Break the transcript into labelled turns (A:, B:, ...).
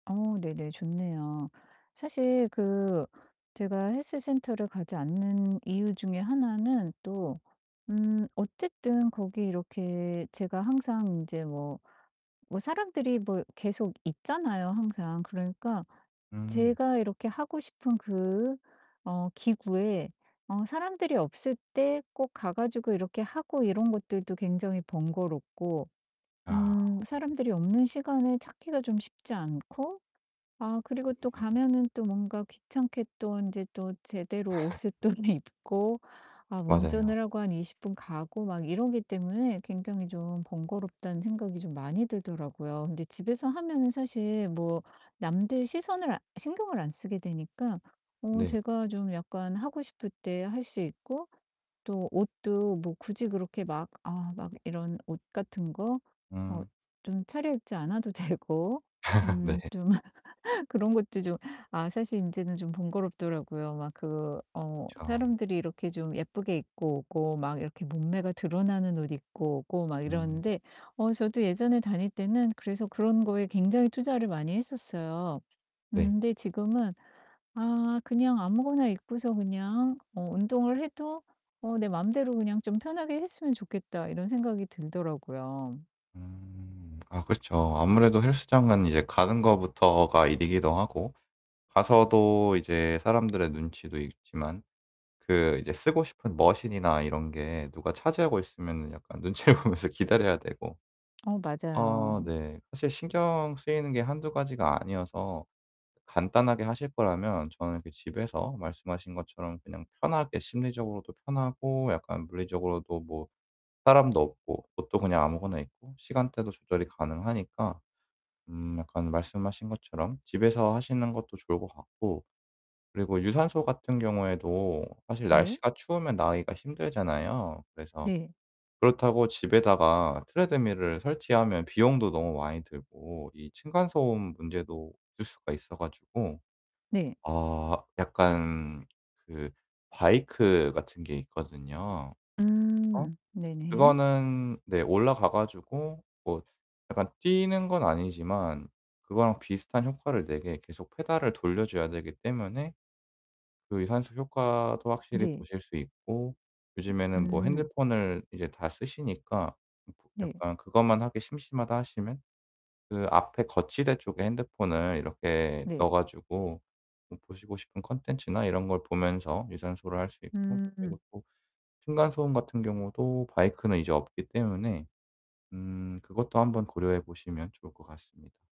A: 어 네네. 좋네요. 사실 그 제가 헬스 센터를 가지 않는 이유 중에 하나는 또 음 어쨌든 거기 이렇게 제가 항상 인제 뭐, 뭐 사람들이 뭐 계속 있잖아요 항상. 그러니까
B: 음.
A: 제가 이렇게 하고 싶은 그 어 기구에 어 사람들이 없을 때 꼭 가 가지고 이렇게 하고 이런 것들도 굉장히 번거롭고
B: 아.
A: 음 사람들이 없는 시간을 찾기가 좀 쉽지 않고 아 그리고 또
B: [unintelligible]
A: 가면은 또 뭔가 귀찮게 또 인제 또 제대로 옷을 꺼내 입고 아
B: 맞아요.
A: 운전을 하고 한 20 분 가고 막 이러기 때문에 굉장히 좀 번거롭다는 생각이 좀 많이 들더라고요. 근데 집에서 하면은 사실 뭐 남들 시선을 아 신경을 안 쓰게 되니까 어
B: 네.
A: 제가 좀 약간 하고 싶을 때 할 수 있고 또 옷도 뭐 굳이 그렇게 막 아 막 이런 옷 같은 거 어
B: 음.
A: 좀 차려입지 않아도 되고
B: 네.
A: 음 좀 그런 것도 좀 아 사실 인제는 좀 번거롭더라고요. 막 그 어
B: 그쵸.
A: 사람들이 이렇게 좀 예쁘게 입고 오고 막 이렇게 몸매가 드러나는 옷 입고 오고 막
B: 음.
A: 이러는데 어 저도 예전에 다닐 때는 그래서 그런 거에 굉장히 투자를 많이 했었어요. 음
B: 네.
A: 근데 지금은 '아 그냥 아무거나 입고서 그냥 어 운동을 해도 어 내 마음대로 그냥 좀 편하게 했으면 좋겠다.' 이런 생각이 들더라고요.
B: 음. 아 그렇죠. 아무래도 헬스장은 이제 가는 것부터가 일이기도 하고 가서도 이제 사람들의 눈치도 있지만 그 이제 쓰고 싶은 머신이나 이런 게 누가 차지하고 있으면은 약간 눈치를 보면서 기다려야 되고.
A: 어
B: 어
A: 맞아요.
B: 네. 사실 신경 쓰이는 게 1-2 가지가 아니어서 간단하게 하실 거라면 저는 그 집에서 말씀하신 것처럼 그냥 편하게 심리적으로도 편하고 약간 물리적으로도 뭐 사람도 없고 옷도 그냥 아무거나 입고 시간대도 조절이 가능하니까 음 약간 말씀하신 것처럼 집에서 하시는 것도 좋을 것 같고 그리고 유산소 같은 경우에도 사실
A: 네.
B: 날씨가 추우면 나가기가 힘들잖아요. 그래서
A: 네.
B: 그렇다고 집에다가 트레드밀을 설치하면 비용도 너무 많이 들고 이 층간소음 문제도 있을 수가 있어 가지고
A: 네.
B: 아 약간 그 바이크 같은 게 있거든요. 어?
A: 음 네 네.
B: 그거는 네 올라가 가지고 뭐 약간 뛰는 건 아니지만 그거랑 비슷한 효과를 내게 계속 페달을 돌려 줘야 되기 때문에 그 유산소 효과도 확실히
A: 네.
B: 보실 수 있고
A: [unintelligible]
B: 요즘에는 뭐
A: 음.
B: 핸드폰을 이제 다 쓰시니까 음 보
A: 네.
B: 약간 그것만 하기 심심하다 하시면 그 앞에 거치대 쪽에 핸드폰을 이렇게
A: 네.
B: 넣어 가지고 음 보시고 싶은 콘텐츠나 이런 걸 보면서 유산소를 할 수 있고 그리고
A: 음.
B: 또 층간소음 같은 경우도 바이크는 이제 없기 때문에 음 그것도 한번 고려해 보시면 좋을 것 같습니다.